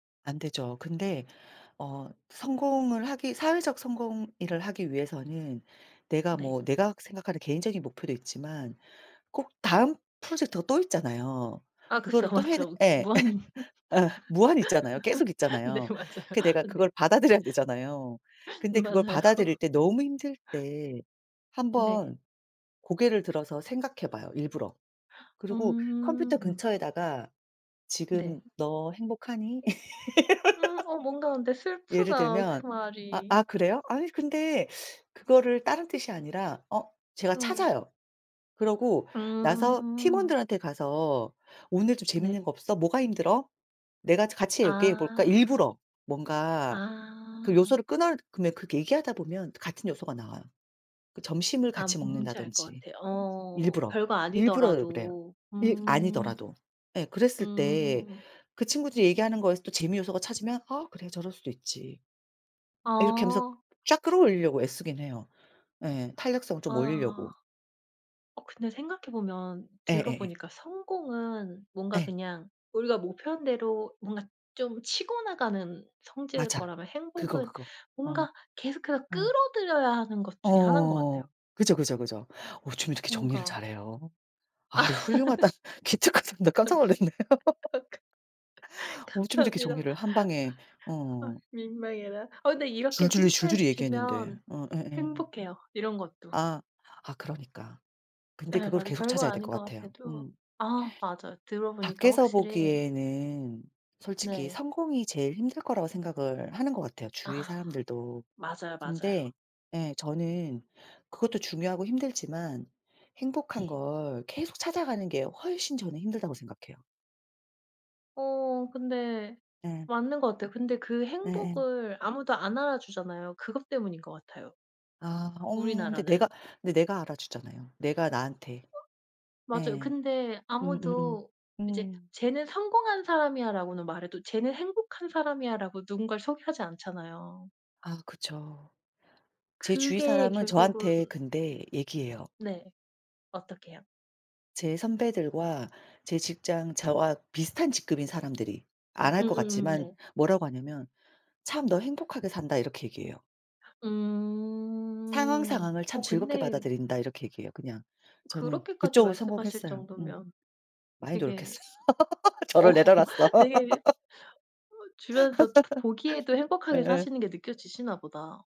안 되죠. 근데 어 성공을 하기 사회적 성공 일을 하기 위해서는 내가 네. 뭐 내가 생각하는 개인적인 목표도 있지만 꼭 다음 프로젝트가 또 있잖아요. 아 그쵸. 그거를 또 해 내 맞죠. 그 예 무한 어 무한히 있잖아요. 계속 네 있잖아요. 그 내가 그걸 받아들여야 되잖아요. 근데 그걸 맞아요. 받아들일 때 너무 힘들 때 네. 한번 고개를 들어서 생각해 봐요, 일부러. 그리고 컴퓨터 음. 근처에다가 '지금 네. 너 행복하니?' 음 어 뭔가 근데 예를 슬프다 들면 그 아 말이. 아 그래요? 아니 근데 그거를 다른 뜻이 아니라 어 제가 어. 찾아요. 그러고 나서 음. 팀원들한테 가서 "늘 좀 재밌는 네. 거 없어? 뭐가 힘들어? 내가 저 같이 얘기해 볼까?" 아. 일부러 뭔가 그 아. 요소를 끊어 그럼 그렇게 얘기하다 보면 같은 요소가 나와요. 그 점심을 아 같이 뭔지 알 것 먹는다든지 같아요. 어 일부러. 별거 일부러 그래요. 아니더라도. 일 음. 아니더라도. 예 그랬을 때 음. 그 친구들이 얘기하는 거에서 또 재미 요소가 찾으면 '아 그래 저럴 수도 있지.' 이렇게 하면서 아. 쫙 끌어 올리려고 애쓰긴 해요. 예. 탄력성을 좀 아. 올리려고. 어 근데 생각해 보면 들어 예예예. 보니까 성공은 뭔가 예. 그냥 우리가 목표한 대로 뭔가 좀 치고 나가는 성질일 맞아. 거라면 그거, 행복은 그거. 어. 뭔가 계속해서 아. 끌어들여야 하는 것 중에 하나인 것 어 같아요. 그죠, 그죠, 그죠. 어쩜 이렇게 정리를 뭔가 잘해요. 아 훌륭하다. 기특하다. 나 깜짝 감사 놀랐네요. 어 가 어쩜 이렇게 감사합니다. 정리를 한방에 아 어. 민망해라. 어 근데 이렇게 줄줄이 칭찬해 줄줄이 얘기했는데. 주시면 어 예예. 행복해요, 이런 것도. 아 아 그러니까. 근데 네 그걸 맞아 계속 별거 찾아야 될 아닌 것 것 같아요. 같아도 음. 아 맞아요 들어 보니까 밖에서 확실히 보기에는 솔직히 네. 성공이 제일 힘들 거라고 생각을 하는 것 같아요, 주위에 아. 사람들도. 맞아요, 맞아요. 근데 예 저는 그것도 중요하고 힘들지만 행복한 네. 걸 계속 찾아가는 게 훨씬 저는 힘들다고 생각해요. 어 근데 예. 맞는 것 같아요. 근데 그 예예. 행복을 아무도 안 알아주잖아요. 그것 때문인 것 같아요. 아 어 근데 내가 우리나라는. 근데 내가 알아 주잖아요. 내가 나한테. 어 맞아요. 예. 근데 음음음 아무도 이제 음. "쟤는 성공한 사람이야."라고는 말해도 "쟤는 행복한 사람이야."라고 누군가를 소개하지 않잖아요. 아 그쵸. 제 주위 그게 사람은 결국은 저한테 근데 얘기해요. 네 어떻게요? 제 선배들과 제 직장 저와 비슷한 직급인 사람들이. 안 할 것 음음음음 같지만 네. 뭐라고 하냐면 참 "너 행복하게 산다." 이렇게 얘기해요. "상황 음. 상황을 참 어 즐겁게 근데 받아들인다." 이렇게 얘기해요 그냥. 저는 그렇게까지 그쪽으로 말씀하실 성공했어요. 음. 정도면 많이 되게 노력했어요. 어 저를 내려 놨어요. 되게 어 주변에서 딱 보기에도 행복하게 예예. 사시는 게 느껴지시나 보다.